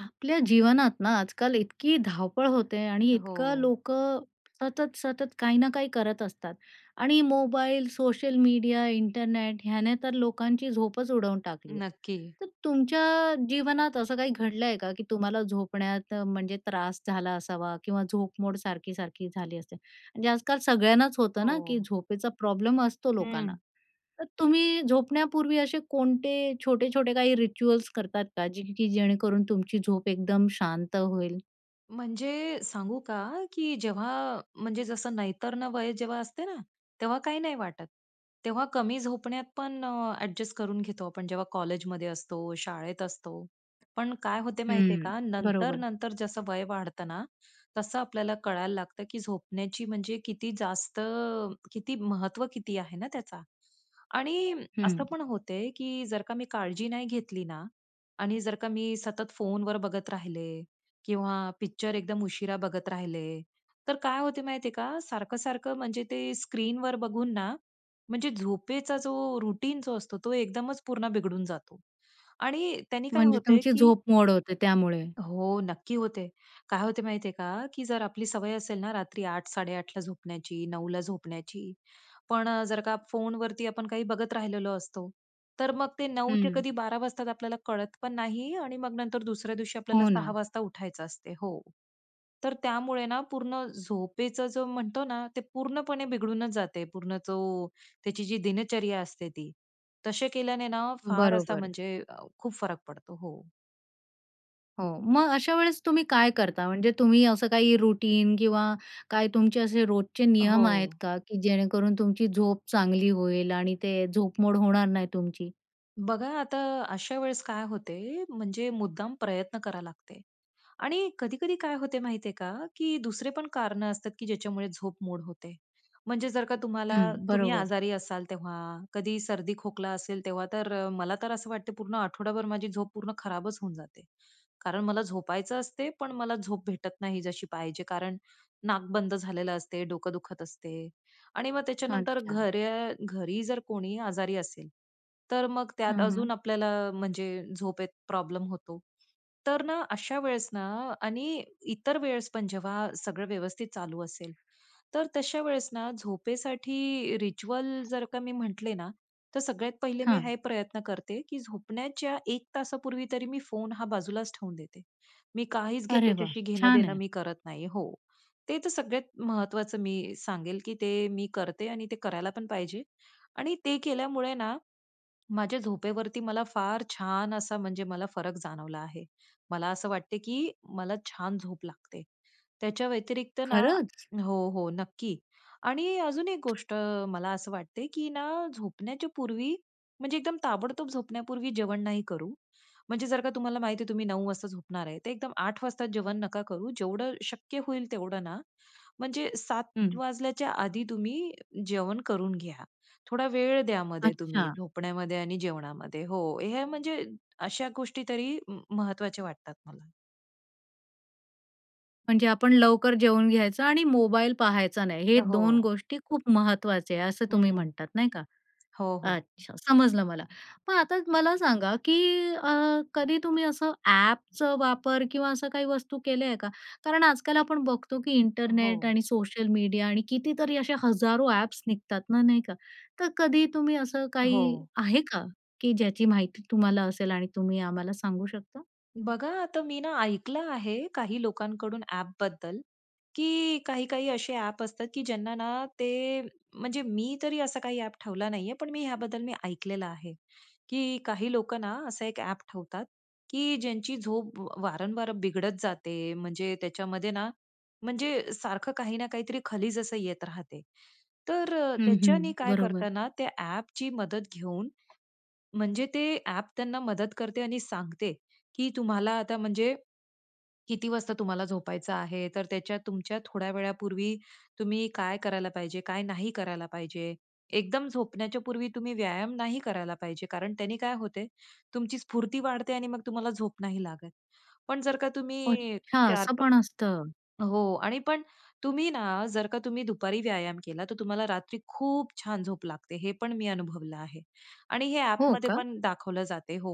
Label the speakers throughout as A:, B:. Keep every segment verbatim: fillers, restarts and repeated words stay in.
A: आपल्या जीवनात ना, आजकाल इतकी धावपळ होते आणि
B: अ,
A: इतकं
B: हो.
A: लोकं सतत, सतत काही ना काही करत असतात आणि मोबाईल, सोशल मीडिया, इंटरनेट ह्याने तर लोकांची झोपच उडवून टाकली आहे.
B: नक्की.
A: तर तुमच्या जीवनात असं काही घडलं आहे का, की तुम्हाला झोपण्यात म्हणजे त्रास झाला असावा किंवा झोपमोड सारखी-सारखी झाली असेल. म्हणजे आजकाल सगळ्यांनाच होतं ना, की
B: हो.
A: झोपेचा प्रॉब्लेम असतो लोकांना.
B: हं.
A: तर तुम्ही झोपण्यापूर्वी असे कोणते छोटे-छोटे काही रिच्युअल्स करतात का, की जेणेकरून तुमची झोप एकदम शांत होईल?
B: म्हणजे सांगू का, की जेव्हा म्हणजे जसं नैतर्ण वय जेव्हा असते ना, तेव्हा काही नाही वाटत. तेव्हा कमी झोपण्यात पण ॲडजस्ट करून घेतो आपण जेव्हा कॉलेजमध्ये असतो, शाळेत असतो. पण काय होते माहिती आहे
A: हं.
B: का, नंतर,
A: बरोबर.
B: नंतर जसं वय वाढतं ना, तसं आपल्याला कळायला लागतं, की झोपण्याची म्हणजे किती जास्त किती महत्त्व किती आहे ना त्याचा. आणि असं
A: हं.
B: पण होतंय, की जर का मी काळजी नाही घेतली ना आणि जर का मी सतत फोनवर बघत राहिले किंवा पिक्चर एकदम उशिरा बघत राहिले, तर काय होत माहितीये का सारखं-सारखं म्हणजे ते स्क्रीनवर बघून ना म्हणजे झोपेचा जो रूटीन जो असतो तो एकदमच पूर्ण बिघडून जातो. आणि त्यांनी काय
A: म्हणजे
B: होतंय
A: तुमची
B: की
A: झोपमोड होते त्यामुळे?
B: हो. नक्की होते. काय होत माहिती आहे का, की जर आपली सवय असेल ना रात्री आठ साडे आठ ला झोपण्याची, नऊ ला झोपण्याची. पण अ, जर का फोनवरती आपण काही बघत राहिलेलो असतो, तर मग ते नऊ ते
A: हं.
B: कधी बारा वाजता आपल्याला कळत पण नाही आणि मग नंतर दुसऱ्या दिवशी आपल्याला
A: हो ना.
B: सहा वाजता उठायचं असते. हो. तर त्यामुळे ना पूर्ण झोपेचं जो म्हणतो ना, ते पूर्णपणे बिघडूनच जाते, पूर्ण तो त्याची जी दिनचर्या असते ती. तसे केल्याने ना फार असा
A: बरोबर.
B: म्हणजे अ, खूप फरक पडतो. हो.
A: हो. मग अशा वेळेस तुम्ही काय करता? म्हणजे तुम्ही असं काही रूटीन किंवा काय तुमचे असे रोजचे नियम आहेत
B: हो.
A: का, की जेणेकरून तुमची झोप चांगली होईल आणि ते झोपमोड होणार नाही तुमची?
B: बघा आता अशा वेळेस काय होते, म्हणजे मुद्दाम प्रयत्न करावं लागते आणि कधी-कधी काय होत माहिती आहे का की दुसरे पण कारणं असतात की ज्याच्यामुळे झोपमोड होते. म्हणजे जर का तुम्हाला
A: हं.
B: तुम्ही
A: बरोबर.
B: आजारी असाल तेव्हा, कधी सर्दी, खोकला असेल तेव्हा तर मला तर असं वाटते पूर्ण आठवडाभर माझी झोप पूर्ण खराबच होऊन जाते. कारण मला झोपायचं असते, पण मला झोप भेटत नाही जशी पाहिजे, कारण नाक बंद झालेलं असते, डोकं दुखत असते आणि मग त्याच्यानंतर
A: अच्छा.
B: घरे घरी जर कोणी आजारी असेल, तर मग त्यात
A: हां, हां.
B: अजून आपल्याला म्हणजे झोपेत प्रॉब्लेम होतो. तर ना, अशा वेळेस ना, आणि इतर वेळेस पण जेव्हा सगळं व्यवस्थित चालू असेल, तर तशा वेळेस ना झोपेसाठी रिच्युअल जर का मी म्हटले ना, तर सगळ्यात पहिले मी
A: हां.
B: हे प्रयत्न करते की झोपण्याच्या एक तासापूर्वी तरी मी फोन हा बाजूलाच ठेवून देते. मी काहीच घे
A: अरे वाह!
B: त्याच्याशी घेणं
A: छान
B: देणं
A: आहे.
B: मी करत नाही. हो. ते तर सगळ्यात महत्वाचं मी सांगेल की ते मी करते आणि ते करायला पण पाहिजे. आणि ते केल्यामुळे ना, माझ्या झोपेवरती मला फार छान असा म्हणजे मला फरक जाणवला आहे. मला असं वाटते, की मला छान झोप लागते. त्याच्या व्यतिरिक्त ना
A: खरंच?
B: हो, हो, नक्की. आणि अजून एक गोष्ट मला असं वाटते की ना, झोपण्याच्या पूर्वी म्हणजे एकदम ताबडतोब झोपण्यापूर्वी जेवण नाही करू. म्हणजे जर का तुम्हाला माहिती आहे तुम्ही नऊ वाजता झोपणार आहे, तर एकदम आठ वाजता जेवण नका करू. जेवढं शक्य होईल तेवढं ना, म्हणजे सात
A: हं.
B: वाजल्याच्या आधी तुम्ही जेवण करून घ्या. थोडा वेळ द्या मध्ये
A: अच्छा.
B: तुम्ही झोपण्यामध्ये आणि जेवणामध्ये. हो. हे म्हणजे अशा गोष्टी तरी म महत्वाच्या वाटतात मला.
A: म्हणजे आपण लवकर जेवून घ्यायचं आणि मोबाईल पहायचा नाही. हे
B: अ,
A: दोन
B: हो.
A: गोष्टी खूप महत्वाचे आहे असं तुम्ही
B: हं.
A: म्हणतात, नाही का.
B: हो, हो.
A: अच्छा. समजलं मला. मग आता मला सांगा की अ, कधी तुम्ही असं ॲपच वापर किंवा असं काही वस्तू केलेले आहे का? कारण आजकाल आपण बघतो की इंटरनेट
B: हो
A: आणि सोशल मीडिया आणि कितीतरी अशा हजारो ॲप्स निघतात ना नाही का? तर कधी तुम्ही असं काही,
B: हो.
A: आहे का? की ज्याची माहिती तुम्हाला असेल आणि तुम्ही आम्हाला सांगू शकता?
B: बघा, आता मी ना ऐकलं आहे काही लोकांकडून ॲपबद्दल, की काही-काही असे ॲप असतात की ज्यांना ना ते, म्हणजे मी तरी असा काही ॲप ठेवला नाही आहे. पण मी ह्याबद्दल मी ऐकलेलं आहे. की काही लोक ना, अस एक ॲप ठेवतात की ज्यांची झोप वारंवार बिघडत जाते, म्हणजे त्याच्यामध्ये ना म्हणजे सारखं काही ना काहीतरी खालीज असं येत राहते. तर अ,
A: हं,
B: त्याच्यानी
A: हं.
B: काय
A: बरोबर.
B: करतांना त्या ॲपची मदत घेऊन, म्हणजे ते ॲप त्यांना मदत करते आणि सांगते, की तुम्हाला आता म्हणजे किती वाजता तुम्हाला झोपायचं आहे. तर त्याच्यात तुमच्या थोड्या वेळापूर्वी तुम्ही काय करायला पाहिजे, काय नाही करायला पाहिजे. एकदम झोपण्याच्या पूर्वी तुम्ही व्यायाम नाही करायला पाहिजे, कारण त्यांनी काय होतंय तुमची स्फूर्ती वाढते आणि मग तुम्हाला झोप नाही लागत. पण जर का तुम्ही
A: अच्छा!
B: चार
A: असं
B: प
A: पण असतं.
B: हो. आणि पण तुम्ही ना जर का तुम्ही दुपारी व्यायाम केला, तर तुम्हाला रात्री खूप छान झोप लागते हे पण मी अनुभवलं आहे. आणि हे
A: हो
B: ॲपमध्ये
A: का?
B: पण दाखवलं जाते हो.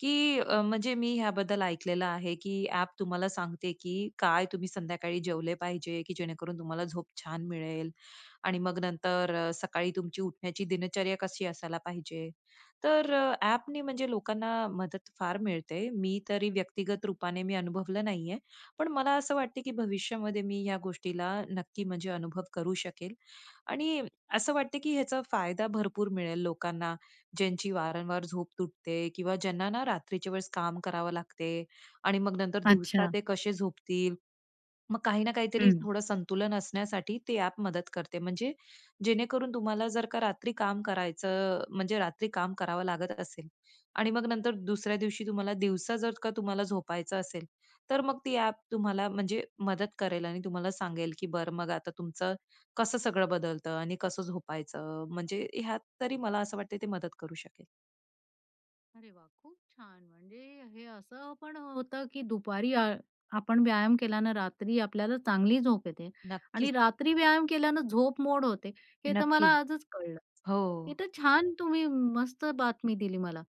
B: की अ, म्हणजे मी ह्याबद्दल ऐकलेलं आहे की ॲप तुम्हाला सांगते, की काय तुम्ही संध्याकाळी जेवले पाहिजे, की जेणेकरून तुम्हाला झोप छान मिळेल. आणि मग नंतर अ, सकाळी तुमची उठण्याची दिनचर्या कशी असायला पाहिजे. तर अ, ॲपनी म्हणजे लोकांना मदत फार मिळते. मी तरी व्यक्तिगत रूपाने मी अनुभवलं नाही आहे. पण मला असं वाटते की भविष्यामध्ये मी ह्या गोष्टीला नक्की म्हणजे अनुभव करू शकेल. आणि असं वाटतं की ह्याचा फायदा भरपूर मिळेल लोकांना, ज्यांची वारंवार झोप तुटते किंवा ज्यांना ना, रात्रीच्या वेळेस काम करावं लागते आणि मग नंतर दिवसा
A: अच्छा.
B: ते कसे झोपतील? मग काही ना काहीतरी
A: हं.
B: थोडं संतुलन असण्यासाठी ती ॲप मदत करते. म्हणजे जेणेकरून तुम्हाला जर का रात्री काम करायचं, म्हणजे रात्री काम करावं लागत असेल आणि मग नंतर दुसऱ्या दिवशी तुम्हाला दिवसा जर का तुम्हाला झोपायचं असेल, तर मग ती ॲप तुम्हाला म्हणजे मदत करेल आणि तुम्हाला सांगेल की बरं मग आता तुमचं कसं सगळं बदलतं? आणि कसं झोपायचं? म्हणजे ह्यात तरी मला असं वाटत ते मदत करू शकेल.
A: अरे वाह! खूप छान म्हणजे हे असं पण होतं की दुपारी अ, आपण व्यायाम केल्यानं रात्री आपल्याला चांगली झोप येते. आणि
B: नक्कीच.
A: रात्री व्यायाम केल्यानं झोप मोड होते, हे तर मला
B: नक्की.
A: आजच कळलं.
B: हो.
A: हे तर छान तुम्ही मस्त बातमी दिली मला.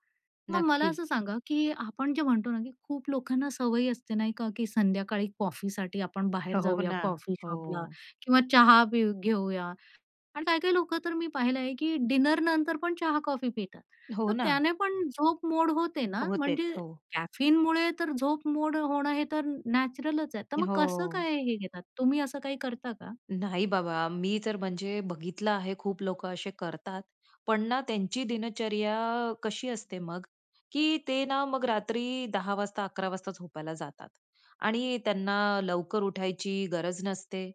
A: मग मला
B: नक्की.
A: असं सांगा, की आपण जे म्हणतो ना की खूप लोकांना सवय असते नाही का की संध्याकाळी कॉफीसाठी आपण बाहेर
B: हो
A: जाऊया
B: ना.
A: कॉफी शॉपला
B: हो.
A: किंवा चहा पेऊ घेऊया आणि काही-काही लोकं तर मी पाहिलं आहे की डिनर नंतर पण चहा-कॉफी पितात.
B: हो
A: तर
B: ना.
A: त्याने पण झोप मोड होते ना?
B: होतेच.
A: म्हणजे
B: हो.
A: कॅफीनमुळे तर झोप मोड होणं हे तर नॅचरलच आहे. तर मग कसं
B: हो.
A: काय हे घेतात? तुम्ही असं काही करता का?
B: नाही बाबा, मी तर म्हणजे बघितलं आहे खूप लोकं असे करतात पण ना, त्यांची दिनचर्या कशी असते मग, की ते ना मग रात्री दहा वाजता, अकरा वाजता झोपायला जातात आणि त्यांना लवकर उठायची गरज नसते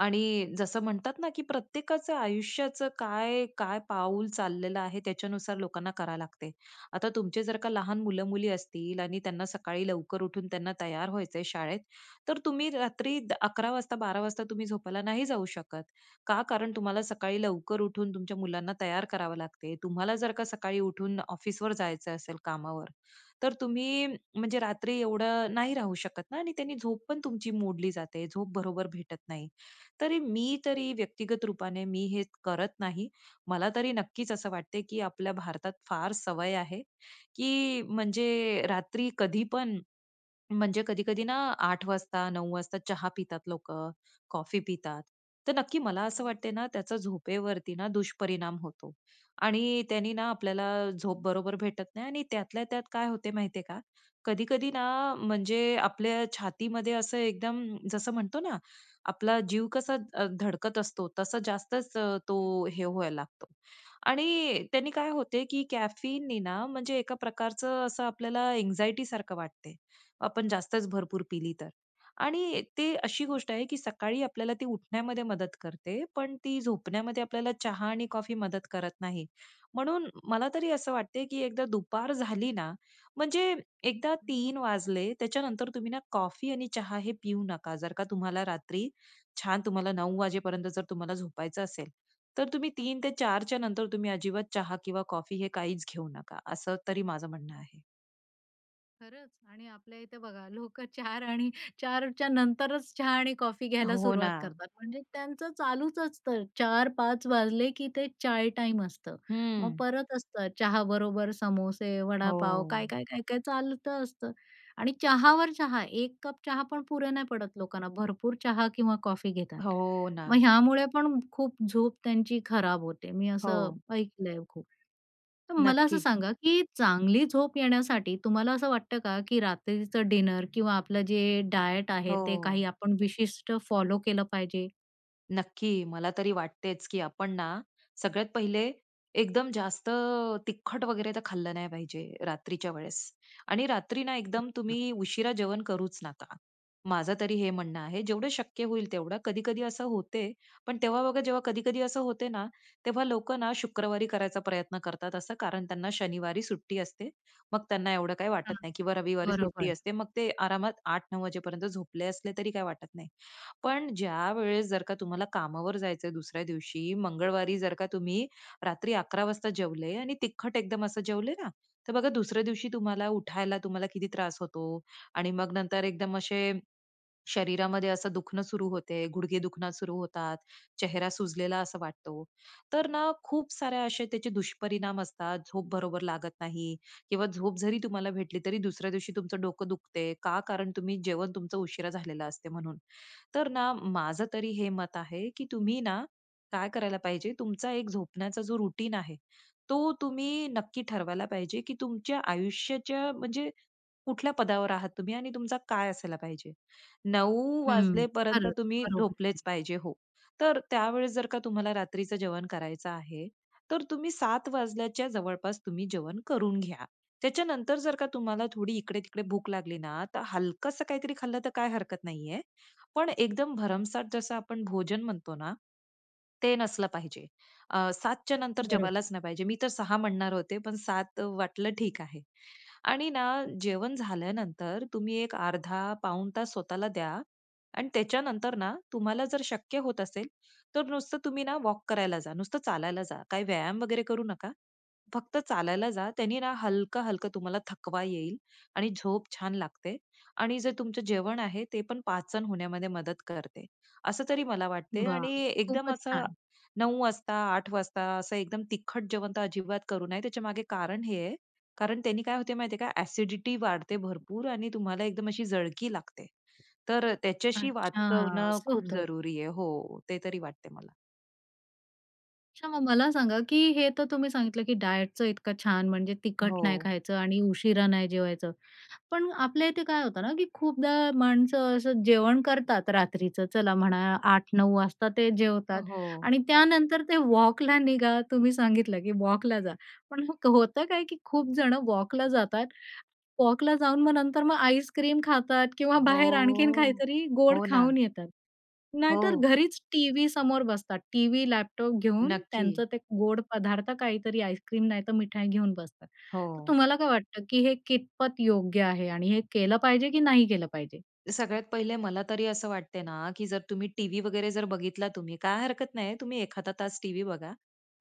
B: आणि जसं म्हणतात ना की प्रत्येकाचं आयुष्याचं काय काय पाऊल चाललेलं आहे, त्याच्यानुसार लोकांना करावं लागते. आता तुमचे जर का लहान
A: बरोबर.
B: मुलं-मुली असतील आणि त्यांना सकाळी लवकर उठून त्यांना तयार व्हायच आहे शाळेत, तर तुम्ही रात्री अकरा वाजता, बारा वाजता तुम्ही झोपायला नाही जाऊ शकत. का? कारण तुम्हाला सकाळी लवकर उठून तुमच्या मुलांना तयार करावं लागते. तुम्हाला जर का सकाळी उठून ऑफिसवर जायचं असेल कामावर, तर तुम्ही म्हणजे रात्री एवढं नाही राहू शकत ना आणि त्यांनी झोप पण तुमची मोडली जाते. झोप बरोबर भेटत नाही. तरी मी तरी व्यक्तिगत रूपाने मी हे करत नाही. मला तरी नक्कीच असं वाटतंय, की आपल्या भारतात फार सवय आहे, की म्हणजे रात्री कधीपण, म्हणजे कधी-कधी ना, आठ वाजता, नऊ वाजता चहा पितात लोकं, कॉफी पितात. तर नक्की मला असं
A: हो न
B: वाटतं ना, त्याचा झोपेवरती ना दुष्परिणाम होतो. आणि त्यानी ना आपल्याला झोप बरोबर भेटत नाही आणि त्यातल्या त्यात काय होत माहितीये का? कधी-कधी ना, म्हणजे आपल्या छातीमध्ये असं एकदम जसं म्हणतो ना, आपला जीव कसा अ, धडकत असतो, तसा जास्तच
A: हं,
B: तो
A: हं.
B: हे व्हायला लागतो. आणि त्यांनी काय होते की कॅफीनने ना, म्हणजे एका प्रकारचं असं आपल्याला अँजायटी, सारखं वाटते, आपण जास्तच भरपूर पिली तर. आणि ती अशी
A: ओ
B: गोष्ट आहे की सकाळी आपल्याला ती उठण्यामध्ये मदत करते, पण ती झोपण्यामध्ये आपल्याला चहा आणि कॉफी मदत करत नाही. म्हणून मला तरी असं वाटते की एकदा दुपार झाली ना, म्हणजे एकदा
A: हं.
B: तीन वाजले त्याच्यानंतर तुम्ही ना, कॉफी आणि चहा हे पिऊ नका. जर का तुम्हाला रात्री छान तुम्हाला नऊ वाजेपर्यंत जर तुम्हाला झोपायचं असेल, तर तुम्ही तीन ते चार च्या नंतर तुम्ही अजिबात चहा किंवा कॉफी हे काहीच घेऊ नका, असं तरी माझं म्हणणं आहे.
A: खरंच! आणि आपल्या इथे बघा लोकं चार आणि चारच्या नंतरच चहा आणि कॉफी घ्यायला
B: हो
A: सुरुवात
B: ना.
A: करतात. म्हणजे त्यांचं चालूच असतं. चार पाच वाजले की ते चाय टाईम असतं. मग
B: हं.
A: परत असतं चहाबरोबर समोसे, वडापाव, काय,
B: हो.
A: काय, काय, काय चालतं असतं. आणि चहावर चहा. एक कप चहा पण पुरे नाही पडत लोकांना. भरपूर चहा किंवा कॉफी घेतात.
B: हो
A: मग
B: ना.
A: ह्यामुळे पण खूप झोप त्यांची खराब होते. मी असं
B: हो.
A: ऐकलंय खूप. तर मला असं
B: नक्की.
A: सांगा, की चांगली झोप येण्यासाठी तुम्हाला असं वाटतं का, की रात्रीचं डिनर किंवा आपलं जे डायट आहे ते
B: हो.
A: काही आपण विशिष्ट फॉलो केलं पाहिजे?
B: नक्की. मला तरी वाटतेच की आपण ना, सगळ्यात पहिले एकदम जास्त तिखट वगैरे तर खाल्लं नाही पाहिजे रात्रीच्या वेळेस. आणि रात्री ना एकदम
A: अच्छा.
B: तुम्ही उशिरा जेवण करूच नका. माझं तरी हे म्हणणं आहे जेवढं शक्य होईल तेवढं. कधी-कधी असं होते, पण तेव्हा बघा जेव्हा कधी-कधी असं होते ना, तेव्हा लोकं ना शुक्रवारी करायचा प्रयत्न करतात असं कारण त्यांना शनिवारी सुट्टी असते. मग त्यांना एवढं काही वाटत
A: हां,
B: नाही. किंवा रविवारी सुट्टी
A: बरोबर.
B: असते, मग ते आरामात आठ नऊ वाजेपर्यंत झोपले असले तरी काही वाटत नाही. पण ज्यावेळेस जर का तुम्हाला कामावर जायचं आहे दुसऱ्या दिवशी, मंगळवारी जर का तुम्ही रात्री अकरा वाजता जेवले आणि तिखट एकदम असं जेवले ना, तर बघा दुसऱ्या दिवशी तुम्हाला उठायला तुम्हाला किती त्रास होतो आणि मग नंतर एकदम असे शरीरामध्ये असं दुखणं सुरू होते. गुडघे दुखणं सुरू होतात. चेहरा सुजलेला असा वाटतो. तर ना खूप सारे असे त्याचे दुष्परिणाम असतात, झोप बरोबर लागत नाही किंवा झोप जरी तुम्हाला भेटली तरी दुसऱ्या दिवशी तुमचं डोकं दुखते. का? कारण तुम्ही जेवण तुमचं उशिरा झालेलं असते म्हणून. तर ना माझं तरी हे मत आहे, की तुम्ही ना काय करायला पाहिजे, तुमचा एक झोपण्याचा जो रूटीन आहे, तो तुम्ही नक्की ठरवायला पाहिजे, की तुमच्या आयुष्याच्या म्हणजे कुठल्या पदावर आहात तुम्हीआणि तुमचा काय असायला पाहिजे. नऊ
A: हं,
B: वाजेपर्यंत
A: खरंच,
B: तुम्ही
A: बरोबर आहे.
B: झोपलेच पाहिजे, हो. तर त्यावेळेस जर का तुम्हाला रात्रीच जेवण करायचं आहे, तर तुम्ही सात वाजल्याच्या जवळपास तुम्ही जेवण करून घ्या. त्याच्यानंतर जर का तुम्हाला थोडी इकडे-तिकडे भूक लागली ना, तर हलकसं काहीतरी खाल्लं तर काय हरकत नाहीये. पण एकदम भरमसाठ जसं आपण भोजन म्हणतो ना, ते नसलं पाहिजे. अ, सात च्या नंतर
A: बरोबर.
B: जेवायलाच नाही पाहिजे. मी तर सहा म्हणणार होते, पण सात वाटलं ठीक आहे. आणि ना जेवण झाल्यानंतर तुम्ही एक अर्धा पाऊण तास स्वतःला द्या आणि त्याच्यानंतर ना तुम्हाला जर शक्य होत असेल, तर नुसतं तुम्ही ना वॉक करायला जा. नुसतं चालायला जा. काही व्यायाम वगैरे करू नका. फक्त चालायला जा. त्यानी ना हलकं, हलकं तुम्हाला थकवा येईल, आणि झोप छान लागते, आणि जे तुमचं जेवण आहे, ते पण पाचन होण्यामध्ये मदत करते. असं तरी मला वाटते
A: वा!
B: आणि एकदम
A: खूपच
B: असं
A: छान.
B: नऊ वाजता आठ वाजता असं एकदम तिखट जेवण तर अजिबात करू नये. त्याच्यामागे कारण हे आहे, कारण त्यांनी काय होत माहितीये का ॲसिडिटी वाढते भरपूर आणि तुम्हाला एकदम अशी जळकी लागते. तर अ, त्याच्याशी
A: अच्छा!
B: वाचवणं
A: असं
B: खूप
A: होतं?
B: जरुरी आहे. हो, ते तरी वाटतंय मला.
A: अच्छा, मग मला सांगा की हे तर तुम्ही सांगितलं की डायटचं इतकं छान म्हणजे तिखट नाही
B: हो.
A: खायचं आणि उशिरा नाही जेवायचं. पण आपल्या इथे काय होतं ना, की खूपदा माणसं असं जेवण करतात रात्रीचं चला म्हणा, आठ नऊ वाजता ते
B: अ,
A: जेवतात.
B: हो.
A: आणि त्यानंतर ते वॉकला निघा तुम्ही सांगितलं की वॉकला जा. पण होतं काय की खूप जण वॉकला जातात. वॉकला जाऊन मग नंतर मग आईस्क्रीम खातात किंवा बाहेर आणखीन
B: हो.
A: काहीतरी गोड
B: हो ना.
A: खाऊन येतात. नाहीतर
B: हो.
A: घरीच टीव्ही समोर बसतात. टीव्ही, लॅपटॉप घेऊन
B: नक्की.
A: त्यांचं ते गोड पदार्थ काहीतरी आईस्क्रीम नाहीतर मिठाई घेऊन बसतात. तर
B: हो.
A: तुम्हाला काय वाटतं की हे कितपत योग्य आहे? आणि हे केलं पाहिजे की नाही केलं पाहिजे?
B: सगळ्यात पहिले मला तरी असं वाटतं ना, की जर तुम्ही टीव्ही वगैरे जर बघितला तुम्ही काय हरकत नाहीये, तुम्ही एखादा तास टीव्ही बघा.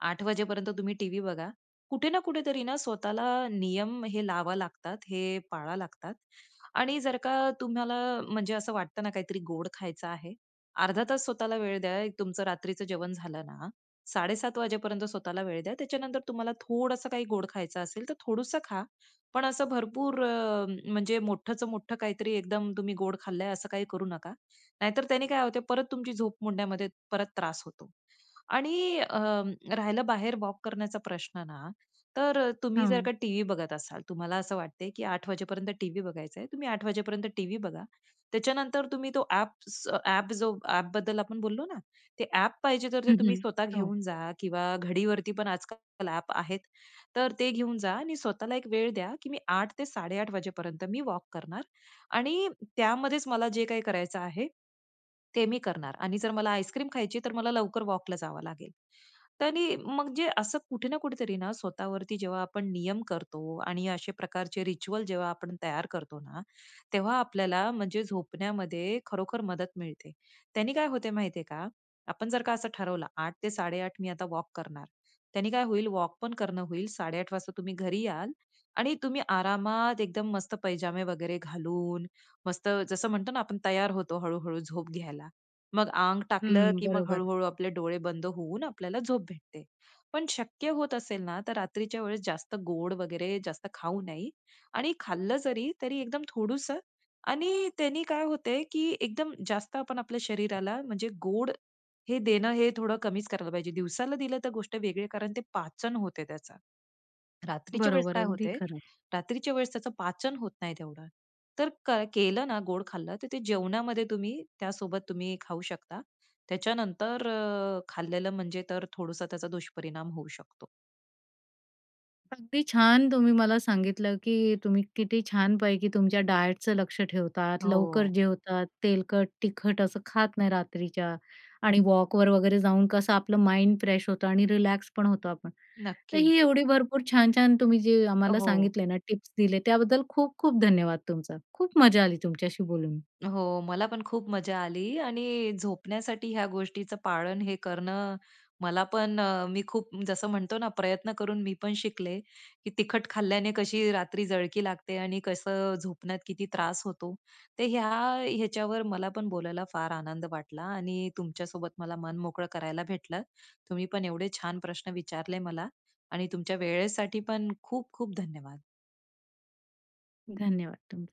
B: आठ वाजेपर्यंत तुम्ही टीव्ही बघा. कुठे ना कुठेतरी ना, स्वतःला नियम हे लावावे लागतात, हे पाळावे लागतात. आणि जर का तुम्हाला म्हणजे असं वाटत ना, काहीतरी गोड खायचं आहे. अर्धा तास स्वतःला वेळ द्या. तुमचं रात्रीचं जेवण झालं ना, साडे सात वाजेपर्यंत स्वतःला वेळ द्या. त्याच्यानंतर तुम्हाला थोडंसं काही गोड खायचं असेल तर थोडंसं खा. पण असं भरपूर अ, म्हणजे मोठंचं मोठं काहीतरी एकदम तुम्ही गोड खाल्लंय असं काही करू नका. नाहीतर त्याने काय होतंय परत तुमची झोप मोडण्यामध्ये परत त्रास होतो. आणि अ, राहिलं बाहेर वॉक करण्याचा प्रश्न ना, तर अ, तुम्ही जर
A: हां.
B: का टीव्ही बघत असाल, तर तुम्हाला असं वाटतंय की आठ वाजेपर्यंत टीव्ही बघायचा आहे. तुम्ही आठ वाजेपर्यंत टीव्ही बघा. त्याच्यानंतर तुम्ही तो ॲप्स ॲप जो ॲपबद्दल आपण बोललो ना? ते ॲप पाहिजे तर ते
A: हं,
B: तुम्ही
A: हं.
B: स्वतः
A: हो.
B: घेऊन जा किंवा घडीवरती पण आजकाल ॲप आहेत. तर ते घेऊन जा आणि स्वतःला एक वेळ द्या, की मी आठ ते साडे आठ वाजेपर्यंत मी वॉक करणार. आणि त्यामध्येच मला जे काही करायचं आहे, ते मी करणार. आणि जर मला आईस्क्रीम खायची आहे तर मला लवकर वॉकला जावं लागेल. आणि मग जे असं कुठे ना कुठेतरी ना, स्वतःवरती जेव्हा आपण नियम करतो. आणि अशा प्रकारचे रिच्युअल जेव्हा आपण तयार करतो ना, तेव्हा आपल्याला म्हणजे झोपण्यामध्ये खरोखर मदत मिळते. त्यांनी काय होत माहितीये का? आपण जर का असं ठरवलं. आठ ते साडे आठ मी आता वॉक करणार. त्यानी काय होईल वॉक पण करणं होईल, साडे आठ वाजता तुम्ही घरी याल आणि तुम्ही आरामात एकदम मस्त पैजामे वगैरे घालून, मस्त जसं म्हणतो ना, आपण तयार होतो हळू-हळू झोप घ्यायला. मग अंग टाकलं,
A: हं,
B: की मग
A: बरोबर.
B: हळू-हळू आपले डोळे बंद होऊन आपल्याला झोप भेटते. पण शक्य होत असेल ना, तर रात्रीच्या वेळेस जास्त गोड वगैरे जास्त खाऊ नये. आणि खाल्लं जरी तरी एकदम थोडंसं. आणि त्यांनी काय होते की एकदम जास्त आपण आपल्या शरीराला म्हणजे गोड हे देणं हे थोडं कमीच करायला पाहिजे, दिवसाला दिलं तर गोष्ट वेगळी कारण ते पाचन होते त्याच. रात्रीच्या वेळेस
A: बरोबर.
B: काय
A: अगदी
B: होते,
A: खरं.
B: रात्रीच्या वेळेस त्याचं पाचन होत नाही तेवढं. तर क केलं ना, गोड खाल्लं तर ते जेवणामध्ये तुम्ही त्यासोबत तुम्ही खाऊ शकता. त्याच्यानंतर अ, खाल्लेलं म्हणजे तर थोडसं त्याचा दुष्परिणाम होऊ शकतो.
A: अगदी छान तुम्ही मला सांगितलं की तुम्ही किती छानपैकी तुमच्या डायटचं लक्ष ठेवतात, लवकर
B: हो.
A: जेवतात, तेलकट तिखट असं खात नाही रात्रीच्या आणि वॉकवर वगैरे जाऊन कसं आपलं माइंड फ्रेश होतं आणि रिलॅक्स पण होतो आपण. तर
B: नक्की.
A: ही एवढी भरपूर छान, छान तुम्ही जे
B: अ,
A: आम्हाला
B: हो.
A: सांगितले ना, टिप्स दिले त्याबद्दल खूप खूप धन्यवाद तुमचा. खूप मजा आली तुमच्याशी बोलून.
B: हो, मला पण खूप मजा आली. आणि झोपण्यासाठी ह्या गोष्टीचं पाळन हे करणं मला पण अ, मी खूप जसं म्हणतो ना, प्रयत्न करून मी पण शिकले की तिखट खाल्ल्याने कशी रात्री जळकी लागते आणि कसं झोपण्यात किती त्रास होतो. तर ह्या ह्याच्यावर मला पण बोलायला फार आनंद वाटला. आणि तुमच्यासोबत मला मन मोकळं करायला भेटलं. तुम्ही पण एवढे छान प्रश्न विचारले मला आणि तुमच्या वेळेसाठी पण खूप खूप धन्यवाद.
A: धन्यवाद तुमचं.